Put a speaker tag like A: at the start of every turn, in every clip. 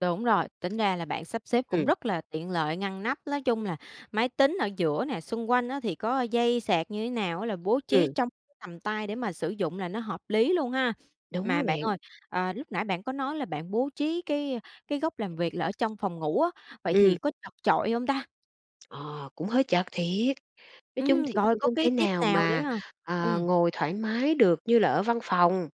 A: Đúng rồi, tính ra là bạn sắp xếp cũng
B: Ừm.
A: rất là tiện lợi, ngăn nắp, nói chung là máy tính ở giữa nè, xung quanh á thì có dây sạc như thế nào á là bố trí
B: Ừm.
A: trong tầm tay để mà sử dụng là nó hợp lý luôn ha.
B: Đúng
A: Mà
B: đó
A: bạn
B: bạn.
A: ơi, ờ, lúc nãy bạn có nói là bạn bố trí cái cái góc làm việc là ở trong phòng ngủ á, vậy thì
B: Ừm.
A: có chật chội hông ta?
B: Ờ, cũng hơi chật thiệt, nói chung
A: Ừm,
B: thì
A: rồi
B: cũng
A: có
B: không
A: cái
B: thể
A: tip
B: nào
A: nào nữa
B: mà,
A: hông?
B: ờ,
A: Ừm.
B: ngồi thoải mái được như là ở văn phòng.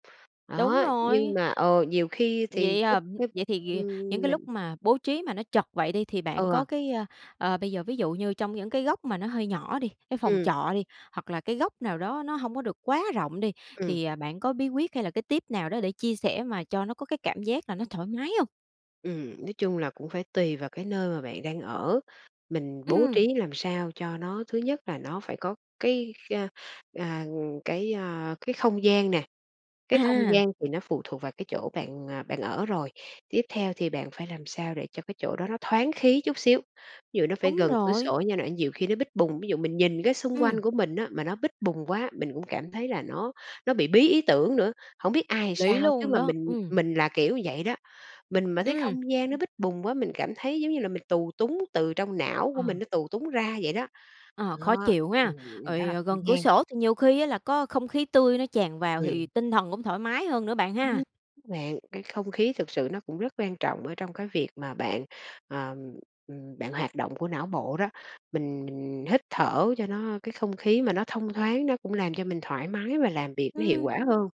A: Đúng
B: Đó,
A: rồi.
B: nhưng mà ờ, nhiều khi thì
A: Vậy,
B: cái
A: à,
B: cái
A: vậy thì những
B: ừm,
A: cái lúc
B: mình
A: mà bố trí mà nó chật vậy đi thì bạn
B: Ừ.
A: có cái, ơ, ờ, bây giờ ví dụ như trong những cái góc mà nó hơi nhỏ đi, cái phòng
B: Ừm.
A: trọ đi, hoặc là cái góc nào đó nó hông có được quá rộng đi
B: Ừm.
A: thì, à, bạn có bí quyết hay là cái tip nào đó để chia sẻ mà cho nó có cái cảm giác là nó thoải mái hông?
B: Ừm, nói chung là cũng phải tùy vào cái nơi mà bạn đang ở, mình bố
A: Ừm.
B: trí làm sao cho nó thứ nhất là nó phải có cái, a, à, cái, a, cái không gian nè, cái không
A: À!
B: gian thì nó phụ thuộc vào cái chỗ bạn, à, bạn ở rồi. Tiếp theo thì bạn phải làm sao để cho cái chỗ đó nó thoáng khí chút xíu, ví dụ nó phải
A: Đúng
B: gần cửa
A: rồi.
B: sổ nha n nhiều khi nó bít bùng, ví dụ mình nhìn cái xung quanh
A: Ừm.
B: của mình á mà nó bít bùng quá, mình cũng cảm thấy là nó nó bị bí ý tưởng nữa. Hổng biết ai làm
A: Lý
B: sao chứ
A: luôn
B: mà
A: đó,
B: mình
A: ừm.
B: mình là kiểu như vậy đó. Mình mà thấy
A: Ừm.
B: không gian nó bít bùng quá, mình cảm thấy giống như là mình tù túng từ trong não
A: Ờ.
B: của mình nó tù túng ra vậy đó.
A: Ờ, khó
B: Đó,
A: chịu ha!
B: ừm, đó
A: Rồi,
B: là
A: à, gần cửa
B: gian.
A: sổ thì nhiều khi á là có không khí tươi nó tràn vào thì
B: Ừm.
A: tinh thần cũng thoải mái hơn nữa bạn ha!
B: Ừm bạn, cái không khí thực sự nó cũng rất quan trọng ở trong cái việc mà bạn, ờ, ừm, bạn hoạt động của não bộ đó, mình mình hít thở cho nó cái không khí mà nó thông thoáng nó cũng làm cho mình thoải mái và làm việc nó hiệu
A: Ừm.
B: quả hơn.